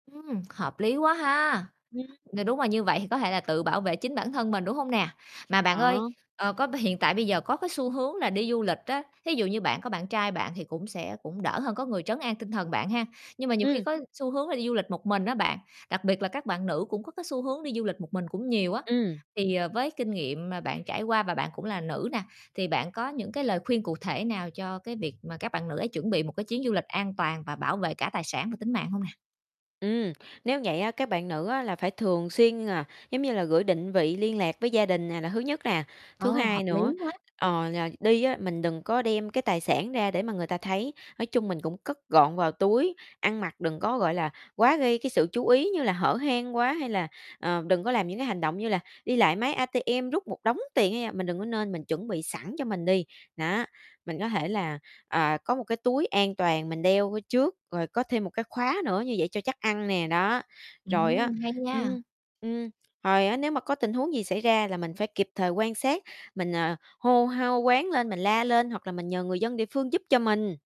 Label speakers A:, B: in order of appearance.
A: Ừm, hợp lý quá ha.
B: Ừm.
A: Ng đúng là như vậy thì có thể là tự bảo vệ chính bản thân mình, đúng hông nè? Mà bạn ơi,
B: Ờ.
A: ờ, có b hiện tại bây giờ có cái xu hướng là đi du lịch á, thí dụ như bạn có bạn trai bạn thì cũng sẽ cũng đỡ hơn có người trấn an tinh thần bạn ha. Nhưng mà nhiều khi
B: Ừm.
A: có xu hướng là đi du lịch một mình á bạn, đặc biệt là các bạn nữ cũng có cái xu hướng đi du lịch một mình cũng nhiều á,
B: Ừm.
A: thì, ờ, với kinh nghiệm mà bạn trải qua và bạn cũng là nữ nè, thì bạn có những cái lời khuyên cụ thể nào cho cái việc mà các bạn nữ ấy chuẩn bị một cái chuyến du lịch an toàn và bảo vệ cả tài sản và tính mạng hông nè?
B: Ừm, nếu vậy á, các bạn nữ á là phải thường xuyên, à, giống như là, gửi định vị liên lạc với gia đình nè, là thứ nhất nè. Thứ
A: Ô, hợp
B: hai
A: lý
B: nữa,
A: quá!
B: ờ, là đi á, mình đừng có đem cái tài sản ra để mà người ta thấy, nói chung mình cũng cất gọn vào túi, ăn mặc đừng có, gọi là, quá gây cái sự chú ý như là hở hang quá, hay là, ờ, đừng có làm những cái hành động như là đi lại máy ATM rút một đống tiền, hay là mình đừng có nên mình chuẩn bị sẵn cho mình đi, đó. Mình có thể là, à, có một cái túi an toàn mình đeo ở trước, rồi có thêm một cái khóa nữa như vậy cho chắc ăn nè, đó. Rồi á
A: Ừm, hay nha.
B: ừm, ừm, hồi á nếu mà có tình huống gì xảy ra là mình phải kịp thời quan sát, mình, ờ, hô hô hoán lên, mình la lên hoặc là mình nhờ người dân địa phương giúp cho mình.